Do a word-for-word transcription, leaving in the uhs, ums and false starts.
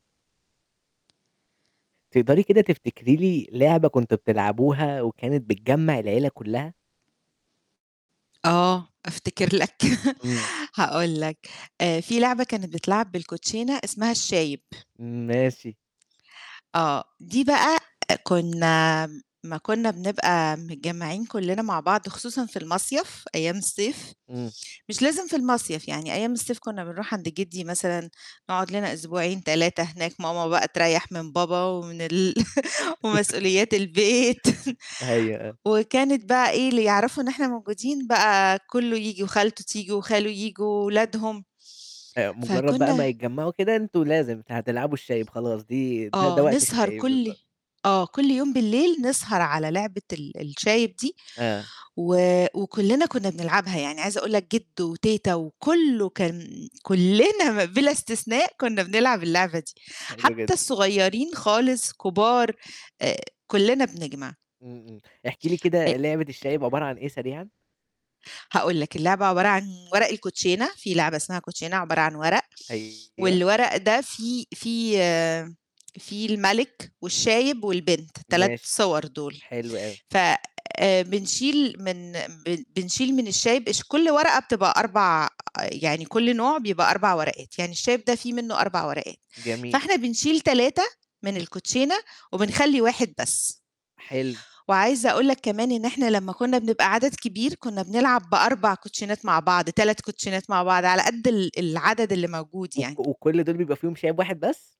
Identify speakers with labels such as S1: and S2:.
S1: تقدري كده تفتكري لي لعبة كنتم بتلعبوها وكانت بتجمّع العيلة كُلّها؟
S2: آه، أفتكر لك.
S1: إمم.
S2: هاقول لك، آآ في لعبة كانت بتتلعب بالكوتشينا اسمها الشايب.
S1: ماشي.
S2: آه. دي بقى كُنّا أمّا كُنّا بنبقى متجمّعين كُلّنا مع بعض خصوصًا في المصيَف أيام الصيف،
S1: إمم.
S2: مش لازم في المصيَف، يعني أيام الصيف كُنّا بنروح عند جِدّي مثلًا نقعُد لنا أسبوعين، تلاتة هناك، ماما بقى تريّح من بابا ومن ال ومسؤوليات البيت
S1: أيوه، آه.
S2: وكانت بقى إيه، اللي يعرفوا إن إحنا موجودين بقى كُلّه ييجي وخالته تيجي وخاله ييجي وولادهم.
S1: آآ مُجرّد بقى ما
S2: فكُنّا
S1: يتجمّعوا كده، أنتم لازم أنتم هتلعبوا الشايب خلاص دي ده ده
S2: آه،
S1: وقت
S2: نسهر
S1: الشايب
S2: كل
S1: بالضبط.
S2: آه، كل يوم بالليل نسهر على لعبة ال الشايب دي
S1: آه.
S2: و وكُلّنا كُنّا بنلعبها، يعني عايزة أقول لك جِدّو وتيتة وكُلّه كان كُلّنا بِلا استثناء كُنّا بنلعب اللعبة دي.
S1: حلو
S2: حتّى
S1: جدًا.
S2: الصغيرين خالص، كبار آآ كُلّنا بنجمع.
S1: إمم، إمم. احكيِ لي
S2: أ
S1: كده لعبة الشايب عبارة عن إيه سريعًا؟
S2: هاقول لك، اللعبة عبارة عن ورق الكوتشينة، في لعبة اسمها كوتشينة عبارة عن ورق
S1: أيوه.
S2: والورق ده فيه فيه فيه المَلِك والشايب والبنت تلات
S1: ماشي.
S2: صور دُول،
S1: حلو أوي.
S2: ف آآ بنشيل من ب بنشيل من الشايب اش كل ورقة بتبقى أربع يعني كل نوع بيبقى أربع ورقات، يعني الشايب ده في منّه أربع ورقات،
S1: جميل.
S2: فإحنا بنشيل تلاتة من الكوتشينة وبنخلّي واحد بس.
S1: حلو.
S2: وعايزة أقول لك كمان إن إحنا لمّا كُنّا بنبقى عدد كبير، كُنّا بنلعب بأربع كوتشينات مع بعض، تلاتة كوتشينات مع بعض على قد ال العدد اللي موجود
S1: و
S2: يعني.
S1: وكل دُول بيبقى فيهم شايب واحد بس؟